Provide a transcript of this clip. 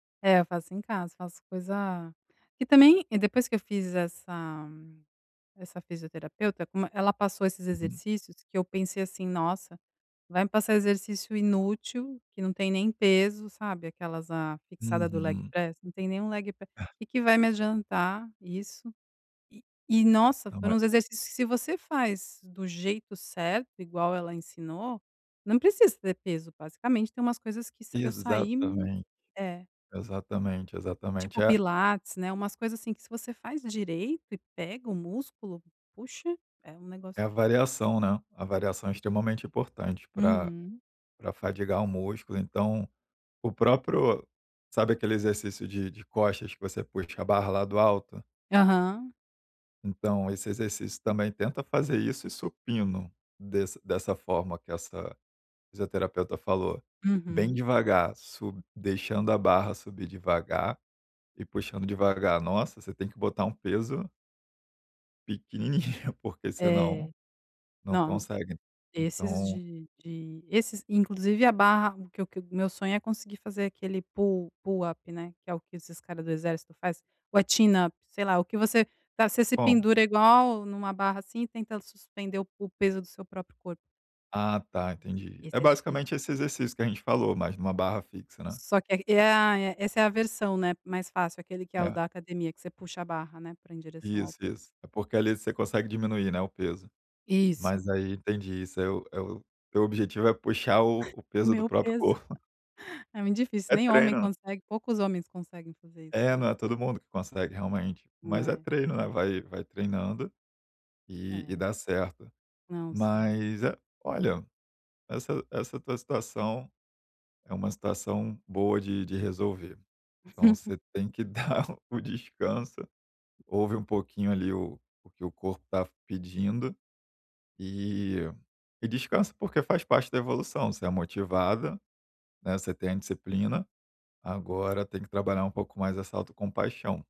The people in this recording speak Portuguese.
É, eu faço em casa, faço coisa que também, depois que eu fiz essa essa fisioterapeuta, como e ela passou esses Uhum. exercícios, que eu pensei assim: "Nossa, vai me passar exercício inútil, que não tem nem peso", sabe, aquelas, "ah, fixada do leg Uhum. press. Não tem nem um leg p que que vai me adiantar isso". E e nossa, Não vai foram os exercícios que se você faz do jeito certo, igual ela ensinou, não precisa ter peso, basicamente tem umas coisas que sa eu saí Exatamente. é. Exatamente, exatamente. Tipo É pilates, né, umas coisas assim, que se você faz direito e pega o músculo, puxa, é um negócio É a variação, né, a variação é extremamente importante para Uhum. para fadigar o músculo, então o próprio sabe aquele exercício de de costas, que você puxa a barra lá do alto? Aham. Então, esse exercício também, tenta fazer isso e supino, desse dessa forma que essa fisioterapeuta falou. Bem Uhum. devagar, sub deixando a barra subir devagar e puxando devagar. Nossa, você tem que botar um peso pequenininho porque senão, É. não Não. consegue. Esses Então de de esses inclusive a barra, que o que o meu sonho é conseguir fazer aquele pull pull up, né, que é o que esses cara do exército faz. Ou é chin up, sei lá, o que você tá você se Como? pendura igual numa barra, assim, e tenta suspender o o peso do seu próprio corpo. Ah tá, entendi. É Esse é difícil. basicamente esse exercício que a gente falou, mas em uma barra fixa, né. Só que ai ah é, essa é a versão, né, mais fácil, aquele que é o É. da academia, que você puxa a barra, né, pra em direção ao Isso, peito. isso. É porque, ali, você consegue diminuir, né, o peso. Mas Isso. aí, entendi, isso é o é o o teu objetivo é puxar o o O peso do meu próprio peso. corpo. É muito difícil, É nem homem treino. consegue, poucos homens conseguem fazer isso, É, não é né. todo mundo que consegue, realmente. Mas é É. treino, né, vai vai treinando, e e É. dá certo. Não, sim. Mas é olha, essa essa tua situação é uma situação boa de de resolver. Então você tem que dar o descanso. Ouve um pouquinho, ali, o o que o corpo está pedindo, e e descansa, porque faz parte da evolução, você é motivada, né, você tem a indisciplina, agora tem que trabalhar um pouco mais essa autocompaixão.